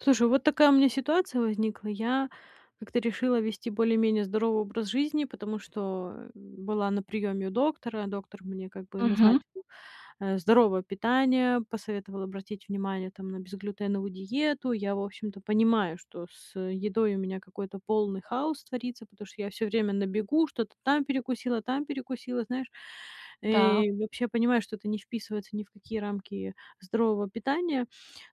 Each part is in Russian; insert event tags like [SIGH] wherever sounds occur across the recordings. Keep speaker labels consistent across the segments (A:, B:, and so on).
A: Слушай, вот такая у меня ситуация возникла. Я как-то решила вести более-менее здоровый образ жизни, потому что, м, была на приёме у доктора. Доктор мне как бы
B: Мгм.
A: назначил, а, здоровое питание, посоветовал обратить внимание, там, на безглютеновую диету. Я, в общем-то, понимаю, что с, э, едой у меня какой-то полный хаос творится, потому что я всё время на бегу что-то там перекусила, там перекусила, знаешь.
B: Да.
A: Э, вообще я понимаю, что это не вписывается ни в какие рамки здорового питания.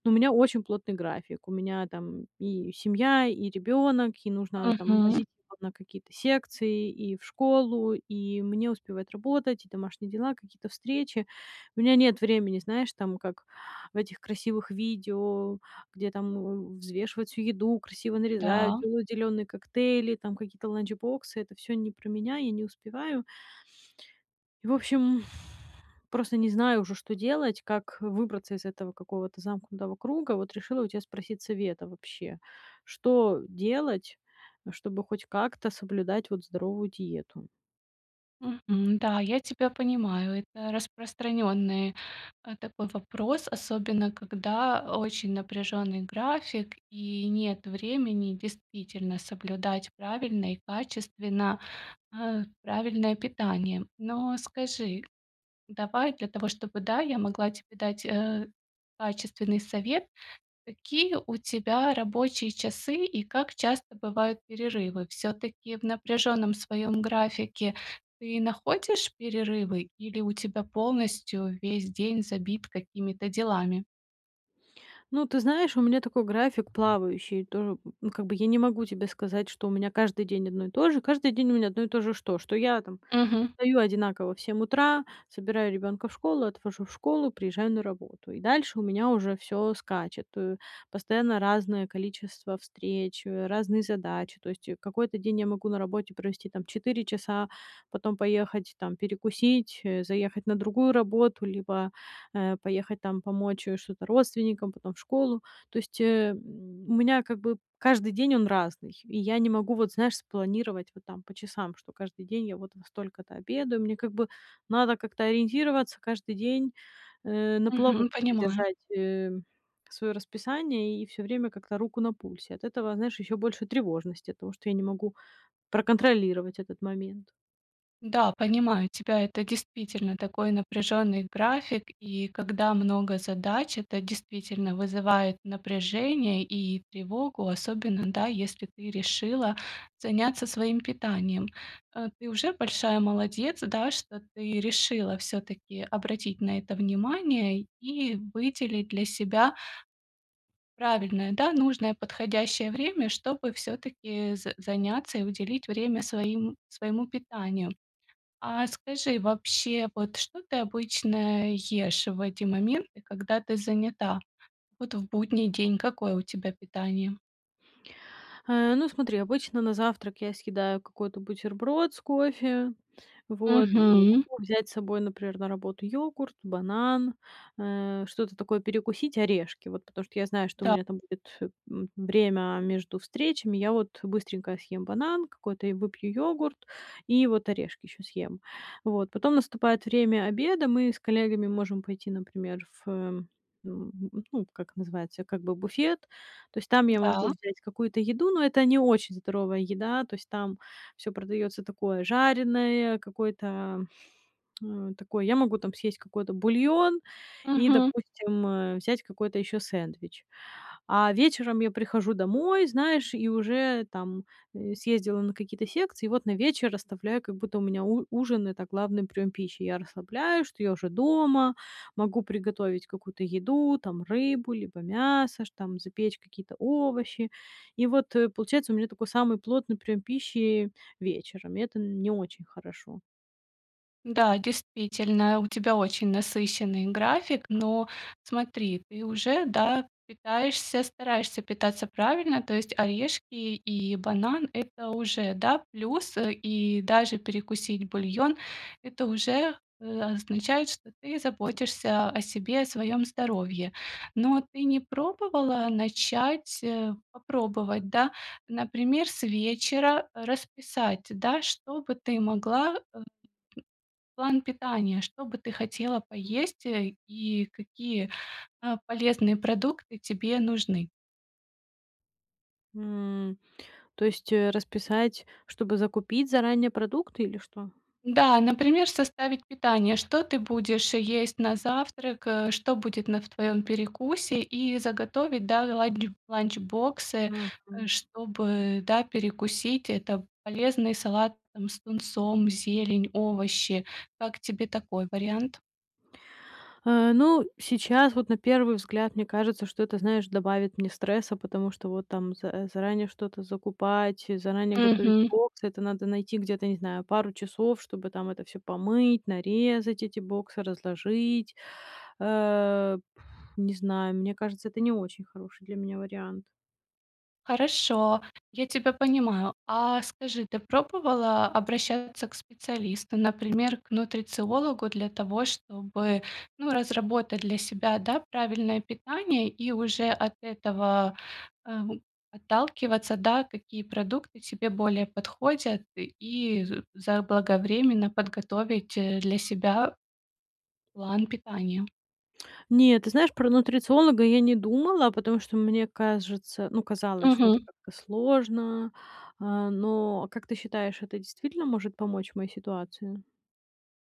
A: Но у меня очень плотный график. У меня там: и семья, и ребёнок, и нужно, там,
B: Мгм.
A: возить его на какие-то секции, и в школу, и мне успевать работать, и домашние дела, какие-то встречи. У меня нет времени, знаешь там, как в этих красивых видео, где там, э, взвешивают всю еду, красиво нарезают,
B: Да.
A: делают зелёные коктейли, там какие-то ланч-боксы. Это всё не про меня, я не успеваю. И в общем, [EXHALES] просто не знаю уже, что делать, как выбраться из этого какого-то замкнутого круга. Вот решила у тя спросить совета вообще: что, э, делать, чтобы хоть как-то соблюдать вот здоровую диету?
B: Мгм, да, я тебя понимаю. Это распространенный, а, такой вопрос, особенно когда, а, очень напряженный график, и нет времени действительно соблюдать правильно и качественно, а, правильное питание. Но скажи, давай для того, чтобы, да, я могла тебе дать, э, качественный совет. Какие у тебя рабочие часы и как часто бывают перерывы? Всё-таки в напряжённом своём графике ты находишь перерывы, или у тебя полностью весь день забит какими-то делами?
A: Ну, ты знаешь, у меня такой график плавающий. Тоже, м, ну, как бы я не могу тебе сказать, что у меня каждый день одно и то же, каждый день у меня одно и то же что? Что я там
B: Мгм.
A: встаю одинаково в 7 утра, собираю ребёнка в школу, отвожу в школу, приезжаю на работу. И дальше у меня уже всё скачет, э. Постоянно разное количество встреч, э, разные задачи. То есть, э, какой-то день я могу на работе провести там 4 часа, потом поехать там перекусить, э, заехать на другую работу либо, э, поехать там помочь, э, что-то родственникам, потом в школу. То есть, э, м, у меня как бы каждый день- он разный, и я не могу, вот знаешь, спланировать вот там по часам: что каждый день я вот во столько-то обедаю. Мне как бы надо как-то ориентироваться каждый день, э, на плаву,
B: Мгм.
A: как-то
B: Понимаю.
A: держать, эм, своё расписание и всё время как-то руку на пульсе. От этого, знаешь, ещё больше тревожности, оттого что я не могу проконтролировать этот момент.
B: Да, понимаю тебя. Это действительно такой напряженный график. И когда много задач, это действительно вызывает напряжение и тревогу, особенно, да, если ты решила заняться своим питанием. Э, ты уже большая молодец, да, что ты решила всё-таки обратить на это внимание и выделить для себя правильное, да, нужное подходящее время, чтобы всё-таки з заняться и уделить время своим своему питанию. А скажи, вообще, вот что ты обычно ешь в эти моменты, когда ты занята? Вот в будний день какое у тебя питание?
A: Э, ну смотри, обычно на завтрак я съедаю какой-то бутерброд с кофе, вот.
B: Мгм.
A: Могу взять с собой, например, на работу йогурт, банан, э, что-то такое перекусить, орешки. Вот, потому что я знаю, что у
B: Да.
A: меня там будет, э, м, время между встречами. Я вот быстренько съем банан какой-то и выпью йогурт, и вот орешки ещё съем. Вот, потом наступает время обеда. Мы с коллегами можем пойти, например, в, э, м, ну, как называется, как бы буфет. То есть там я могу
B: Да.
A: взять какую-то еду, но это не очень здоровая еда, то есть там всё продаётся такое жареное, какое-то, [SMACKS LIPS] э, такое. Я могу там съесть какой-то бульон и,
B: Мгм.
A: допустим, э, взять какой-то ещё сэндвич. А вечером я прихожу домой, знаешь, и уже там, э, съездила на какие-то секции, и вот на вечер оставляю, как будто у меня у ужин- это главный приём пищи. Я расслабляюсь, что я уже дома, могу приготовить какую-то еду там, рыбу либо мясо, ш там запечь какие-то овощи. И вот, э, получается, у меня такой самый плотный приём пищи вечером. Это н не очень хорошо.
B: Да, действительно, у тебя очень насыщенный график, но смотри, ты уже, да, питаешься, стараешься питаться правильно. То есть орешки и банан- это уже, да, плюс, э, и даже перекусить бульон- это уже, э, означает, что ты заботишься о себе, о своём здоровье. Но ты не пробовала начать, э, попробовать, да? Например, с вечера расписать, да, что бы ты могла, а, план питания, что бы ты хотела поесть, э, и какие, а, полезные продукты тебе нужны?
A: М, то есть, э, расписать, чтобы закупить заранее продукты или что?
B: Да, например, составить питание. Что ты будешь есть на завтрак, э, что будет на в твоём перекусе и заготовить, да, ланч ланч-боксы, э,
A: Мгм.
B: чтобы, да, перекусить. Это полезный салат там с тунцом, зелень, овощи. Как тебе такой вариант?
A: Э, ну, сейчас, вот на первый взгляд, мне кажется, что это, знаешь, добавит мне стресса, потому что вот там з э, заранее что-то закупать, заранее готовить
B: Мгм.
A: боксы, это надо найти где-то, не знаю, пару часов, чтобы там это всё помыть, нарезать, эти боксы разложить. Э, пф, не знаю, мне кажется, это не очень хороший для меня вариант.
B: Хорошо, я тебя понимаю. А, скажи, ты пробовала обращаться к специалисту, например, к нутрициологу, для того чтобы, ну, разработать для себя, да, правильное питание и уже от этого, эм, отталкиваться, да? Какие продукты тебе более подходят, и з заблаговременно подготовить, э, для себя план питания.
A: [TSK] Нет, ты знаешь, про нутрициолога я не думала, потому что мне кажется, ну, казалось, что это
B: Мгм.
A: как-то сложно, а, но, как ты считаешь, это действительно может помочь моей ситуации?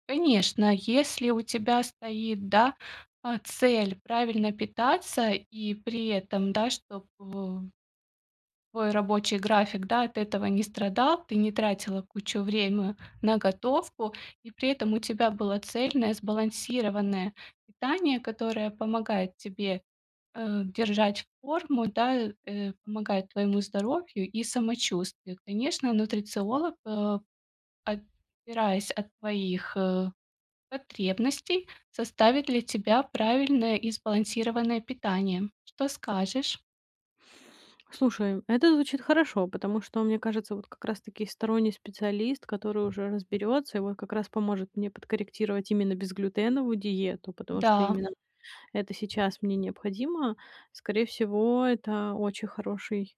B: Конечно, если у тебя стоит, да, а, цель- правильно питаться и при этом, да, чтоб в твой рабочий график, да, от этого не страдал, ты не тратила кучу время на готовку, и при этом у тебя было цельное, сбалансированное питание, которое помогает тебе, э, держать форму, да, э, помогает твоему здоровью и самочувствию. Конечно, нутрициолог, а, отпираясь от твоих, э, потребностей, составит для тебя правильное и сбалансированное питание. Что скажешь?
A: Слушай, это звучит хорошо, потому что, мне кажется, вот как раз таки сторонний специалист, который уже разберётся и вот как раз поможет мне подкорректировать именно безглютеновую диету, потому что
B: Да.
A: именно это сейчас мне необходимо. Скорее всего, это очень хороший,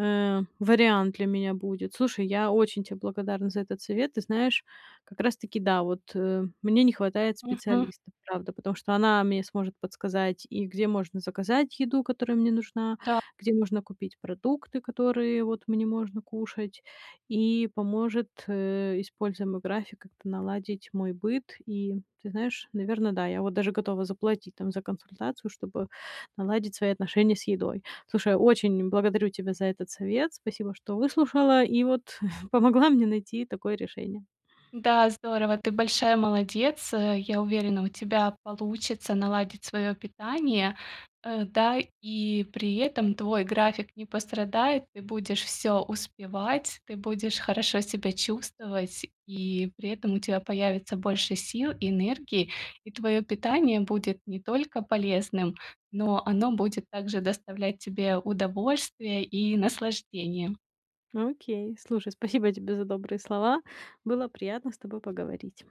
A: э, вариант для меня будет. Слушай, я очень те благодарна за этот совет. Ты знаешь, как раз таки да, вот, э, мне не хватает
B: Мгм.
A: специалиста, правда, потому что она мне сможет подсказать и где можно заказать еду, которая мне нужна,
B: Да.
A: где нужно купить продукты, которые, вот, мне можно кушать, и поможет, э, используя мой график, как-то наладить мой быт. И, ты знаешь, наверно, да. Я вот даже готова заплатить там за консультацию, чтобы наладить свои отношения с едой. Слушай, очень благодарю тебя за этот совет. Спасибо, что выслушала и вот [CHUCKLES] помогла мне найти такое решение.
B: Да, здорово! Ты большая молодец, э. Я уверена, у тебя получится наладить своё питание. Э, да, и при этом твой график не пострадает, ты будешь всё успевать, ты будешь хорошо себя чувствовать, и при этом у тя появится больше сил, энергий, и твоё питание будет не только полезным, но оно будет также доставлять тебе удовольствие и наслаждение.
A: Ну, окей, слушай, спасибо тебе за добрые слова. Было приятно с тобой поговорить.